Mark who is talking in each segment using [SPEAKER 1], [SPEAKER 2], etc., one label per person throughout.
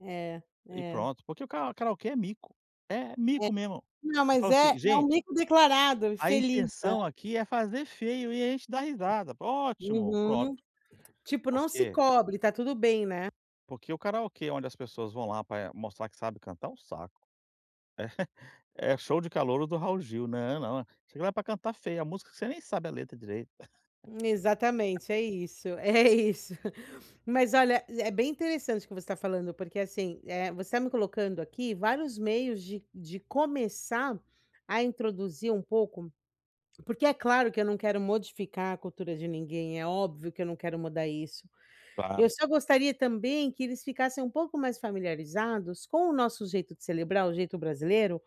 [SPEAKER 1] É,
[SPEAKER 2] E
[SPEAKER 1] é.
[SPEAKER 2] pronto, porque o karao karaokê é mico, é
[SPEAKER 1] É.
[SPEAKER 2] mico mesmo.
[SPEAKER 1] Não
[SPEAKER 2] Eu falo
[SPEAKER 1] mas, eh,
[SPEAKER 2] assim:
[SPEAKER 1] é um
[SPEAKER 2] "Gente
[SPEAKER 1] mico declarado,
[SPEAKER 2] a
[SPEAKER 1] feliz, né.
[SPEAKER 2] intenção aqui é fazer feio e a gente dá risada." Ótimo, pronto.
[SPEAKER 1] Uhum. Tipo,
[SPEAKER 2] Por
[SPEAKER 1] não se
[SPEAKER 2] quê
[SPEAKER 1] cobre, está tudo bem, né.
[SPEAKER 2] porque o karaokê onde as pessoas vão lá pra mostrar que sabe cantar, é um saco. eh, show de calouro do Raul Gil, né, eh não. Chega lá para cantar feio a música que você nem sabe a letra direito.
[SPEAKER 1] Exatamente, é isso, é isso. Mas olha, é é bem interessante o que você está falando, porque, assim, eh, você está me colocando aqui vários meios de de começar a introduzir um pouco, porque é claro que eu não quero modificar a cultura de ninguém, é óbvio que eu não quero mudar isso. Eu
[SPEAKER 2] Claro.
[SPEAKER 1] só gostaria também que eles ficassem um pouco mais familiarizados com o nosso jeito de celebrar, o jeito brasileiro,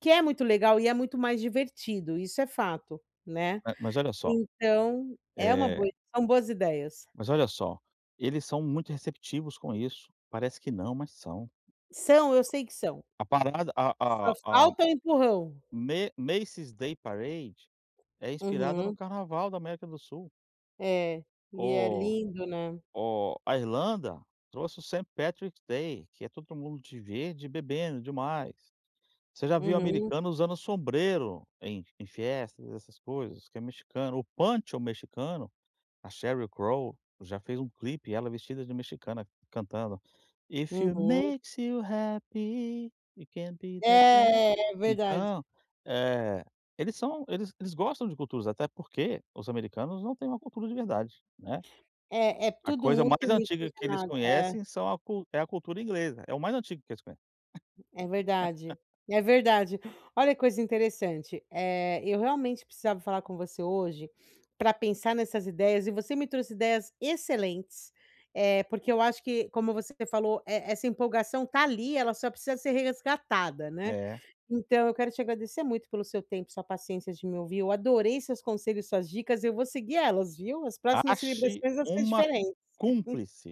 [SPEAKER 1] que é muito legal e é muito mais divertido, isso é fato, né.
[SPEAKER 2] Eh, mas olha só.
[SPEAKER 1] Então, é uma
[SPEAKER 2] Eh
[SPEAKER 1] boa são boas ideias.
[SPEAKER 2] Mas olha só, eles são muito receptivos com isso. Parece que não, mas são.
[SPEAKER 1] São, eu sei que são.
[SPEAKER 2] A parada, a
[SPEAKER 1] Só
[SPEAKER 2] a a a
[SPEAKER 1] falta o empurrão.
[SPEAKER 2] Ma Macie's Day Parade é inspirada no
[SPEAKER 1] Uhum.
[SPEAKER 2] carnaval da América do Sul.
[SPEAKER 1] É, e é
[SPEAKER 2] O
[SPEAKER 1] lindo, né?
[SPEAKER 2] o a Irlanda trouxe o Saint Patrick Day que é todo mundo de verde e bebendo demais. Você já viu
[SPEAKER 1] Uhum.
[SPEAKER 2] americano usando sombreiro em em festas essas coisas que é mexicano, o Poncho mexicano, a Sheryl Crawl, já fez um clipe, ela vestida de mexicana, cantando: "If it
[SPEAKER 1] Uhum.
[SPEAKER 2] makes you happy, You can be". [unintelligible]
[SPEAKER 1] É, é, é verdade.
[SPEAKER 2] Então, eh, eles são, eles eles gostam de culturas, até porque os americanos não têm uma cultura de verdade, né.
[SPEAKER 1] É é
[SPEAKER 2] A
[SPEAKER 1] tudo
[SPEAKER 2] coisa
[SPEAKER 1] muito
[SPEAKER 2] mais antiga que eles
[SPEAKER 1] miscigenado, é.
[SPEAKER 2] conhecem são a é a cultura inglesa, é o mais antigo que eles conhecem.
[SPEAKER 1] É verdade e é verdade. Olha que coisa interessante, eh, eu realmente precisava falar com você hoje pra pensar nessas ideias e você me trouxe ideias excelentes, eh, porque eu acho que como você falou, eh, essa empolgação tá ali ela só precisa ser resgatada, né,
[SPEAKER 2] É.
[SPEAKER 1] então eu quero te agradecer muito pelo seu tempo e sua paciência de me ouvir eu adorei seus conselhos e suas dicas e eu vou seguir elas viu, as próximas
[SPEAKER 2] Ache
[SPEAKER 1] celebrações vão ser
[SPEAKER 2] uma
[SPEAKER 1] diferentes.
[SPEAKER 2] cúmplice.